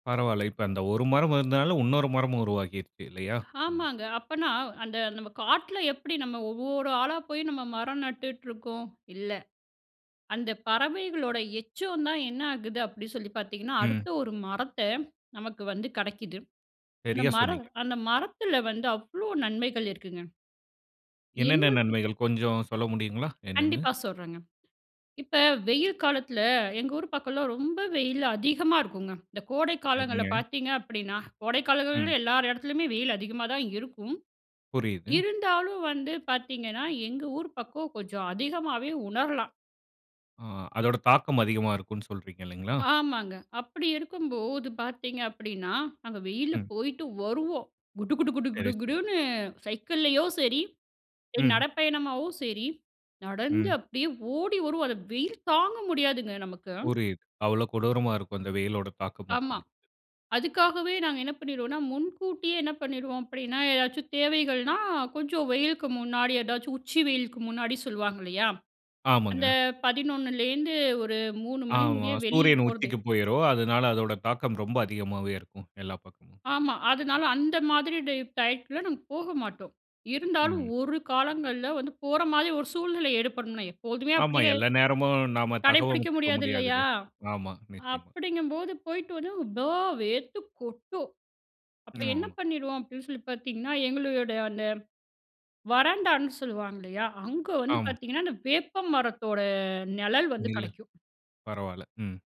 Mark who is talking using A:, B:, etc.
A: பரவால்ல. இப்ப அந்த ஒரு மரம் இருந்ததனால, உன்னொரு மரமும் உருவாகிருக்கு, இல்லையா? [unintelligible]
B: ஆமாங்க. அப்பனா, அந்த நம்ம காட்ல எப்டி நம்ம ஒவ்வோரு ஆளா போய், நம்ம மரம் நட்டுட்டு இருக்கோம், இல்ல. அந்த பறவைகளோட எச்சந்தான் என்ன ஆகுது அப்டி சொல்லி பார்த்தீங்கனா,
A: ம்.
B: அடுத்த ஒரு மரத்த நமக்கு வந்து கெடைக்குது. அந்த
A: சரியா
B: மர
A: சொன்னீங்க.
B: அந்த மரத்தில வந்து அவ்ளோ நன்மைகள் இருக்குங்க.
A: என்னென்ன
B: என்ன கு
A: நன்மைகள், கொஞ்சம் சொல்ல முடியுங்களா, என்னன்னு?
B: கண்டிப்பா சொல்றேங்க. இப்ப வெயில் காலத்தில, எங்க ஊர் பக்கம்லாம் ரொம்ப வெயில் அதிகமா இருக்குங்க. இந்த கோடை காலங்கள்ல
A: சரிங்க.
B: பார்த்தீங்க அப்டின்னா, கோடை
A: ம்.
B: காலங்கள்ல எல்லார் எடத்துலயுமே வெயில் அதிகமா தான் இருக்கும்.
A: புரியுது.
B: இருந்தாலும் வந்து பார்த்தீங்கனா, எங்க ஊர் பக்கம் கொஞ்சம் அதிகமாவே உணரலாம்.
A: ஆ அதோட தாக்கம் அதிகமா இருக்கும் சொல்றீங்க, இல்லைங்களா?
B: ஆமாங்க. அப்டி இருக்கும்போது பார்த்தீங்க அப்டின்னா, நாங்க வெயில்ல
A: ம்.
B: போயிட்டு வருவோம். குடு, குடு, குடு,
A: சரி,
B: குடு,
A: சரி.
B: குடுன்னு சைக்கிள்ளையோ சரி, [unintelligible]
A: ம்.
B: நடப்பயணமாவோ சரி, நடந்து
A: ம்.
B: அப்டியே ஓடி வருவோம். அந்த வெயில் தாங்க முடியாதுங்க, நமக்கு.
A: புரியுது, அவ்ளோ கொடூரமா இருக்கும், அந்த வெயிலோட தாக்கம்,
B: ஆமா.
A: அப்பிடீங்கிறது.
B: அதுக்காகவே நாங்க என்ன பண்ணிருவோனா முன்கூட்டியே என்ன பண்ணிருவோம் அப்டின்னா, எதாச்சும் தேவைகள்னா, கொஞ்சம் வெயிலுக்கு முன்னாடி எதாச்சும் உச்சி வெயிலுக்கு முன்னாடி சொல்வாங்க, இல்லையா, அந்த
A: ஆமாங்க.
B: 11:00லேந்து ஒரு 03:00 மணி
A: ஆமா.
B: முடிய வெளில
A: சூரியன்
B: போறது
A: உச்சிக்கு போயுரும். அதனால அதோட தாக்கம் ரொம்ப அதிகமாவே இருக்கும். எல்லா பக்கமும்.
B: ஆமா. அதனால அந்த மாதிரி டை டையத்ல நாங்க போக மாட்டோம். இருந்தாலும்
A: ம்.
B: ஒரு காலங்கள்ல் வந்து போற மாரி ஒரு சூழ்நிலை ஏற்படும்னு வைங்க எப்போதுமே
A: ஆமா.
B: அப்டியே
A: எல்லா நேரமும் நாம
B: கடைப்பிடிக்க
A: தகவமைச்சிக்க
B: முடியாது,
A: முடியாதுல்ல.
B: இல்லையா,
A: ஆமா, நிச்சயமா.
B: அப்டிங்கும்போது போய்ட்டு வந்து ப்பா! வேர்த்து கொட்டும். அப்ப என்ன
A: ஆமா.
B: பண்ணிருவோம் அப்பிடீன்னு சொல்லி பார்த்தீங்கனா, எங்ளுடைய அந்த வராண்டான்னு சொல்லுவாங்க இல்லையா, அங்க வந்து
A: ஆமா.
B: பார்த்தீங்கனா, அந்த வேப்ப மரத்தோட நெழல் வந்து
A: நிழல்.
B: கெடைக்கும்.
A: பரவால்ல. ம்.